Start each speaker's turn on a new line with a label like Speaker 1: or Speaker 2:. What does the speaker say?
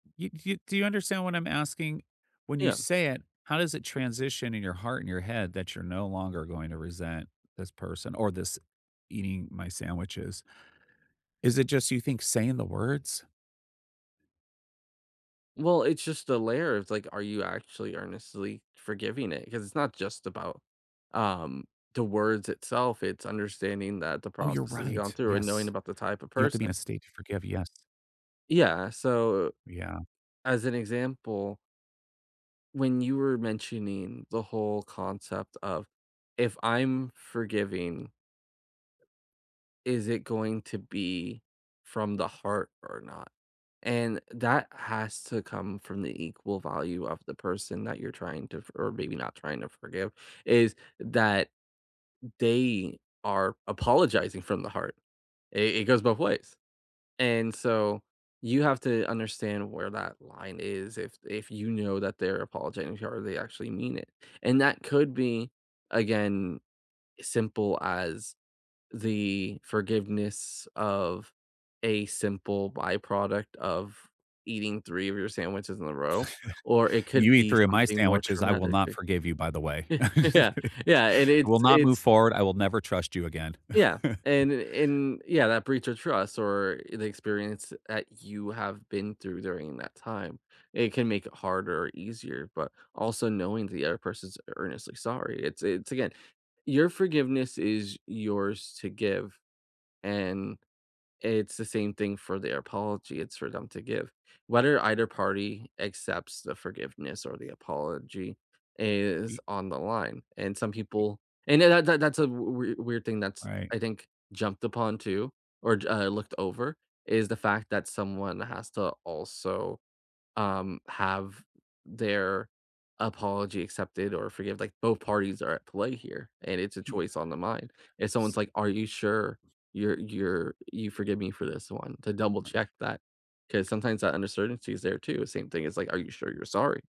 Speaker 1: You do you do you understand what I'm asking? When you
Speaker 2: Yeah.
Speaker 1: say it, how does it transition in your heart and your head that you're no longer going to resent this person or this eating my sandwiches? Is it just you think saying the words?
Speaker 2: Well, it's just the layer, It's like, are you actually earnestly forgiving it? 'Cause it's not just about, um, the words itself, it's understanding that the
Speaker 1: Oh, you're
Speaker 2: process has gone
Speaker 1: right,
Speaker 2: through and knowing
Speaker 1: yes,
Speaker 2: about the type of
Speaker 1: you have to be in a
Speaker 2: person.
Speaker 1: state to forgive, yes.
Speaker 2: Yeah, so
Speaker 1: Yeah.
Speaker 2: as an example when you were mentioning the whole concept of, if I'm forgiving is it going to be from the heart or not, and that has to come from the equal value of the person that you're trying to for or maybe not trying to forgive, is that they are apologizing from the heart, It it goes both ways, and so, you have to understand where that line is, if if you know that they're apologizing to you they actually mean it, and that could be, again, simple as the forgiveness of a simple byproduct of eating 3 of your sandwiches in a row, or it could
Speaker 1: You eat
Speaker 2: be
Speaker 1: 3 of my
Speaker 2: something more
Speaker 1: sandwiches, I will
Speaker 2: traumatic.
Speaker 1: not forgive you, by the way.
Speaker 2: Ye yeah, yeah, and
Speaker 1: I will
Speaker 2: it's
Speaker 1: not move
Speaker 2: it's
Speaker 1: forward, I will never trust you again.
Speaker 2: Yeah, and and, yeah, that breach of trust or the experience that you have been through during that time, it can make it harder or easier, but also knowing the other person's earnestly sorry, it's it's again, your forgiveness is yours to give, and It's the same thing for their apology, it's for them to give, whether either party accepts the forgiveness or the apology is
Speaker 1: Y
Speaker 2: on the line, and some people and that that that's a w wei weird thing that's,
Speaker 1: Right.
Speaker 2: I think, jumped upon too, or uh looked over, is the fact that someone has to also, um, have their apology accepted or forgive, like, both parties are at play here, and it's a
Speaker 1: He
Speaker 2: choice on the mind. If someone's
Speaker 1: So
Speaker 2: like, "Are you sure you're you're you forgive me for this one." To double check that, 'cause sometimes that uncertainty is there too, same thing is like, are you sure you're sorry?